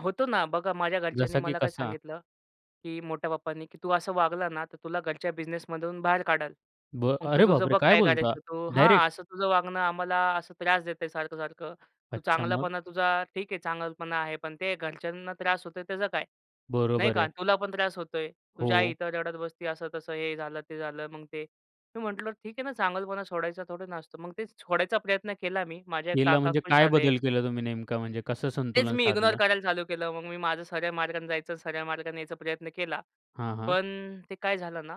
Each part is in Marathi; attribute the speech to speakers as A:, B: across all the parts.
A: होतो ना. बघा माझ्या घरच्यांनी
B: जसा की
A: मला काय
B: कसा.
A: सांगितलं, की मोठ्या पप्पानी की तू असं वागला ना, तर तुला घरच्या बिझनेसमधून बाहेर काढाल.
B: ब
A: मग तू
B: अरे
A: तुझं
B: बापरे!
A: बघ
B: काय
A: काय
B: बोलता
A: करायचं तू
B: डायरेक्ट?
A: हां, असं तुझं वागणं आम्हाला असं त्रास देत सारखं-सारखं. तू
B: अच्छा. मग?
A: चांगलापणा तुझा ठीक आहे चांगलपणा आहे. पण ते घरच्यांना त्रास होतोय त्याचं काय नाही
B: बरोबर आहे.
A: का. तुला पण त्रास होतोय, तुझ्या आई
B: हो.
A: इथं रडत बसते असं तसं हे झालं ते झालं मग ते. मी म्हटलं ठीक आहे ना चांगुलपणा सोडायचं थोडं ना असतं. मग ते सोडायचा प्रयत्न केला मी. माझे
B: केला,
A: काका
B: म्हणजे
A: खुश
B: काय
A: झाले.
B: बदल केला तुम्ही नेमका, म्हणजे कसं
A: तेच
B: संतुलन
A: मी इग्नोर
B: साधलं?
A: करायला चालू केलं. मग मी माझं सरळ मार्गाने जायचं सरळ मार्गाने यायचा प्रयत्न केला.
B: हां, हां.
A: पण ते काय झालं ना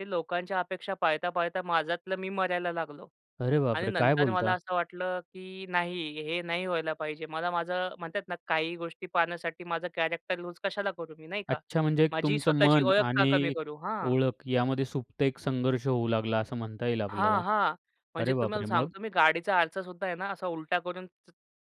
A: ते लोकांच्या अपेक्षा पाळता-पाळता माझ्यातलं मी मरायला लागलो.
B: अरे
A: आणि
B: बापरे! काय
A: नंतर मला
B: बोलता?
A: असं वाटलं की नाही हे नाही व्हायला पाहिजे. मला माझं म्हणतात ना काही गोष्टी पाहण्यासाठी माझं कॅरेक्टर लूज कशाला करू मी नाही का.
B: अच्छा. म्हणजे एक
A: माझी
B: तुमचं
A: स्वतःची
B: मन
A: ओळख का कमी
B: आणि
A: करू. हां.
B: ओळख यामध्ये सुप्त एक संघर्ष होऊ लागला असं म्हणता येईल
A: हां,
B: आपल्याला.
A: हां. म्हणजे
B: अरे
A: तुम्हाला
B: बापरे! मग?
A: सांगतो मी गाडीचा आरसा सुद्धा आहे ना असा उलटा करून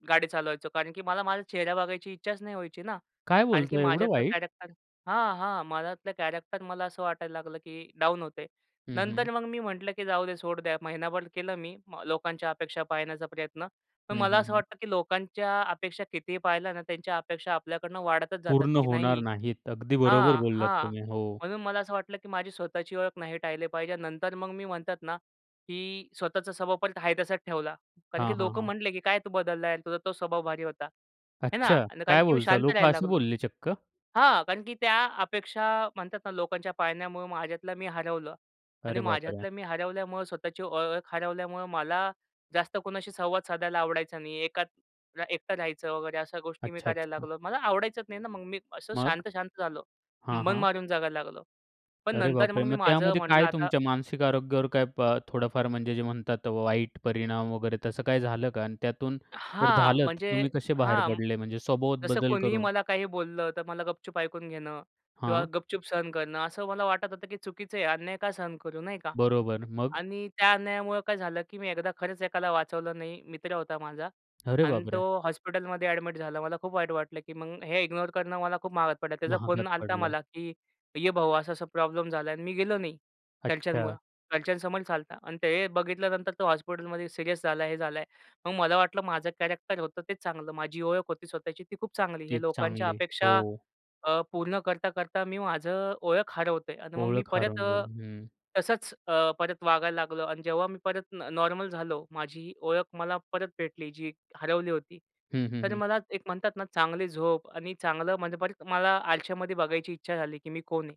A: गाडी चालवायचो कारण की मला माझा चेहरा बघायची इच्छाच नाही व्हायची ना.
B: काय
A: आणखी
B: बोलताय एवढं
A: माझ्यातलं
B: वाईट?
A: कॅरेक्टर हां, हां. माझ्यातलं कॅरॅक्टर मला असं वाटायला लागलं, की डाउन होत आहे.
B: हं, हं.
A: नंतर मग मी म्हटलं की जाऊदे सोड द्या महिनाभर केलं मी लोकांच्या अपेक्षा पाळण्याचा प्रयत्न, पण
B: हं,
A: मला
B: हं,
A: असं
B: हं.
A: वाटतं की लोकांच्या अपेक्षा कितीही पाळल्या ना. त्यांच्या अपेक्षा आपल्याकडनं वाढतच जातात,
B: पूर्ण
A: की नाही
B: होणार नाहीत. अगदी बरोबर
A: हां,
B: बोललात
A: हां,
B: तुम्ही. हो.
A: म्हणून मला असं वाटलं की माझी स्वतःची ओळख नाही टाळले पाहिजे. आणि नंतर मग मी म्हणतात ना, की स्वतःचा स्वभाव पण आहे तासच ठेवला कारण
B: हां,
A: की
B: हां,
A: लोकं
B: हां.
A: म्हंटले की "काय तू बदललाय, तुझा तो स्वभाव भारी होता." हे ना.
B: अच्छा,
A: कारण
B: काय
A: की मी
B: बोलता
A: शांत
B: लोकं
A: राहायला
B: असे
A: लागलो.
B: बोलले चक्क?
A: हां. कारण की त्या अपेक्षा म्हणतात ना लोकांच्या पाळण्यामुळं माझ्यातला मी हरवलं आणि
B: अरे बापरे!
A: माझ्यातला मी हरवल्यामुळं स्वतःची ओ ओळख हरवल्यामुळं मला जास्त कोणाशी संवाद साधायला आवडायचा नाही. एकात अ, एकटा राहायचं वगैरे अशा गोष्टी मी करायला
B: अच्छा-अच्छा.
A: लागलो, मला आवडायचंच नाही ना मग मी असं
B: मग?
A: शांत, शांत झालो.
B: हां,
A: मन
B: हां.
A: मारून जगायला लागलो. पण
B: अरे
A: नंतर मग
B: बापरे!
A: मी
B: मग
A: माझं
B: त्यामध्ये
A: म्हटलं
B: काय
A: आता
B: तुमच्या मानसिक आरोग्यावर काय प अ, थोडाफार म्हणजे जे म्हणतात वाईट परिणाम वगैरे तसं काही झालं का आणि त्यातून जर
A: हां,
B: झालंत
A: म्हणजे
B: तुम्ही कसे बाहेर
A: हां.
B: पडले म्हणजे स्वभावात
A: जसं
B: बदल
A: कोणीही
B: करून?
A: मला काही बोललं, तर मला गपचुप ऐकून घेणं किंवा
B: हां.
A: गपचुप सहन करणं. असं मला वाटत होतं, की चुकीचं आहे अन्याय का सहन करू, नाही का.
B: बरोबर, मग?
A: आणि त्या अन्यायामुळं काय झालं की मी एकदा खरंच एकाला वाचवलं नाही. मित्र होता माझा
B: अरे
A: अन तो
B: बापरे!
A: हॉस्पिटलमध्ये अ‍ॅडमिट झाला. मला खूप वाईट वाटलं की मग हे इग्नोर करणं मला खूप महागात पडला. त्याचा फोन
B: महागात
A: आला होता
B: पडलं.
A: मला की "ये भाऊ, असा-असा प्रॉब्लेम झाला." आणि मी गेलो नाही
B: अच्छा.
A: घरच्यांमुळं. घरच्यांसमोरच आला होता. आणि ते बघितल्यानंतर तो हॉस्पिटलमध्ये सीरियस झाला, हे झालं आहे. मग मला वाटलं माझं कॅरेक्टर होतं तेच चांगलं माझी ओळख होती स्वतःची ती खूप चांगली. हे
B: तीच
A: लोकांच्या
B: चांगले. हो.
A: अपेक्षा अ, पूर्ण करता-करता मी माझं ओळख हरवतोय. आणि मग मी
B: ओळख
A: परत
B: हरवून
A: अ,
B: गेली. हं.
A: तसंच अ, परत वागायला लागलो. आणि जेव्हा मी परत न नॉर्मल झालो. माझी ओळख मला परत भेटली, जी हरवली होती.
B: हं, हं,
A: तर
B: हं.
A: मला एक म्हणतात ना, चांगली झोप आणि चांगलं म्हणजे परत मला आरश्यामध्ये बघायची इच्छा झाली की मी कोण आहे.